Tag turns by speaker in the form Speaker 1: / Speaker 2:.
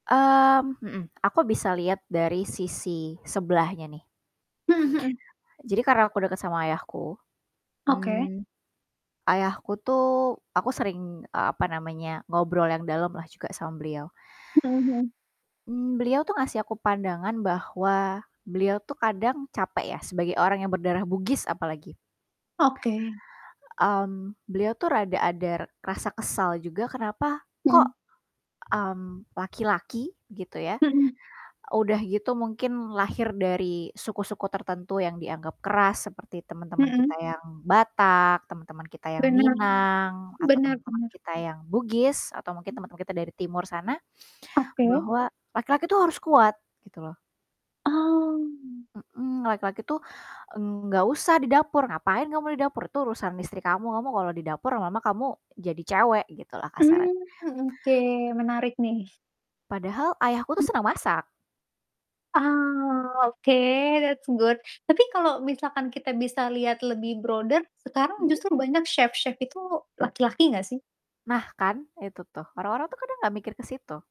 Speaker 1: Mmm, mhm. Aku bisa lihat dari sisi sebelahnya, nih.
Speaker 2: Mhm mhm.
Speaker 1: Jadi karena aku deket sama ayahku,
Speaker 2: Oke.
Speaker 1: mmm, ayahku tuh aku sering, eee, apa namanya, ngobrol yang dalam lah juga sama beliau.
Speaker 2: Mhm mhm.
Speaker 1: Mmm, beliau tuh ngasih aku pandangan, bahwa beliau tuh kadang capek ya, sebagai orang yang berdarah Bugis apalagi.
Speaker 2: Oke.
Speaker 1: Mmm, beliau tuh rada ada r rasa kesal juga kenapa kok,
Speaker 2: Mhm.
Speaker 1: mmm, laki-laki, gitu ya,
Speaker 2: Mhm.
Speaker 1: udah gitu mungkin lahir dari suku-suku tertentu yang dianggap keras, seperti teman-teman
Speaker 2: Mhm.
Speaker 1: kita yang Batak, temen-temen kita yang
Speaker 2: Bener,
Speaker 1: Minang atau
Speaker 2: bener
Speaker 1: teman-teman
Speaker 2: bener.
Speaker 1: kita yang Bugis atau mungkin teman-teman kita dari timur sana,
Speaker 2: Oke.
Speaker 1: bahwa laki-laki tuh harus kuat, gitu loh.
Speaker 2: Oh.
Speaker 1: Mhm, laki-laki itu, mmm, nggak usah di dapur, ngapain kamu di dapur, itu urusan istri kamu, kamu kalau di dapur lama-lama kamu jadi cewek, gitu lah kasarnya.
Speaker 2: Mhm, mmm, oke, menarik nih.
Speaker 1: Padahal ayahku
Speaker 2: Mmm.
Speaker 1: tuh senang masak.
Speaker 2: Ah, oke, that's good. Tapi kalau misalkan kita bisa lihat lebih broader, sekarang
Speaker 1: Mhm.
Speaker 2: justru banyak chef-chef itu laki-laki gak sih?
Speaker 1: Nah kan, itu tuh, orang-orang tuh kadang nggak mikir ke situ.